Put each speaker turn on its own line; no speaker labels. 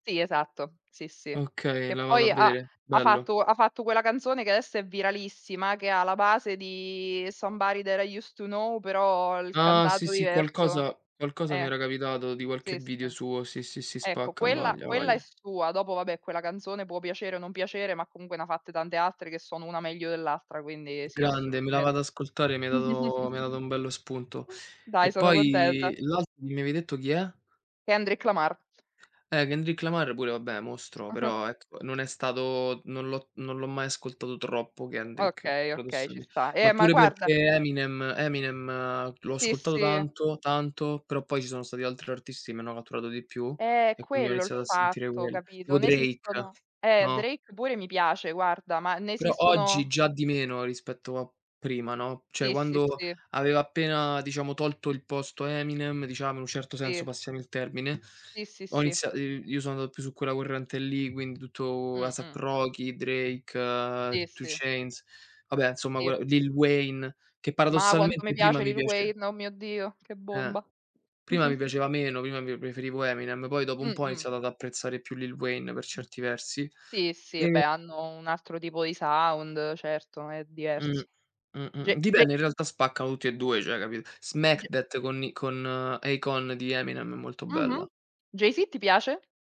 Sì, esatto, sì, sì.
Okay,
Che
la vado a
poi ha
vedere.
ha
Bello.
fatto ha fatto quella canzone che adesso è viralissima che ha la base di Somebody that I used to know, però il
Ah. Sì,
cantato
sì,
diverso.
qualcosa qualcosa mi
Eh,
era capitato di
sì,
qualche
sì.
video suo. Sì, sì, si
Ecco
spacca, a
quella
voglia, a
quella è
voglia.
sua, dopo vabbè quella canzone può piacere o non piacere, ma comunque ne ha fatte tante altre che sono una meglio dell'altra, quindi
G
sì,
grande, me la
assolutamen
vado ad ascoltare, mi hai dato mi hai dato un bello spunto.
Dai
E
sono contenta.
poi l'altro che mi avevi detto chi è?
Kendrick Lamar.
Eh, Kendrick Lamar pure, vabbè, mostro, però ecco non è stato non l'ho non l'ho mai ascoltato troppo Kendrick,
Okay, okay
paradossal
ci sta. Eh,
ma
ma
pure
guarda
perché Eminem Eminem l'ho
Sì,
ascoltato
sì.
tanto tanto, però poi ci sono stati altri artisti che m' hanno catturato di più
Eh. È
e quindi ho
quello il
iniziato a sentire
fatto
quelli.
capito?
Tipo
Ne
Drake,
esistono eh
no?
Drake pure mi piace guarda, ma ne
Però oggi
esistono
già di meno rispetto a prima, no, cioè
Sì, sì,
quando
sì.
aveva appena, diciamo, tolto, il posto a Eminem, diciamo, in un certo senso,
Sì.
passami il termine,
Sì, sì,
ho
sì.
iniziato i io sono andato più su quella corrente lì, quindi tutto
Mh
Asap
mh.
Rocky, Drake,
Sì,
Two
sì.
chains, vabbè insomma quella
Sì.
Lil Wayne che
Ma quanto mi
paradossalmente prima
piace
mi
Lil
piace
Wayne, o mio Dio che
Eh.
bomba!
Prima mi piaceva meno, prima mi preferivo Eminem, poi dopo un po' ho
Mh-mh.
iniziato ad apprezzare più Lill Wayne per certi versi
Sì, sì
e
beh hanno un altro tipo di sound certo è
Mh,
diverso.
mh,
J
mh.
J
Dipende in realtà spaccano tutti e due, cioè capi
J
Smack That con i con Akon di Eminem è molto
Mh-mh.
bella.
Jay-Z ti piace?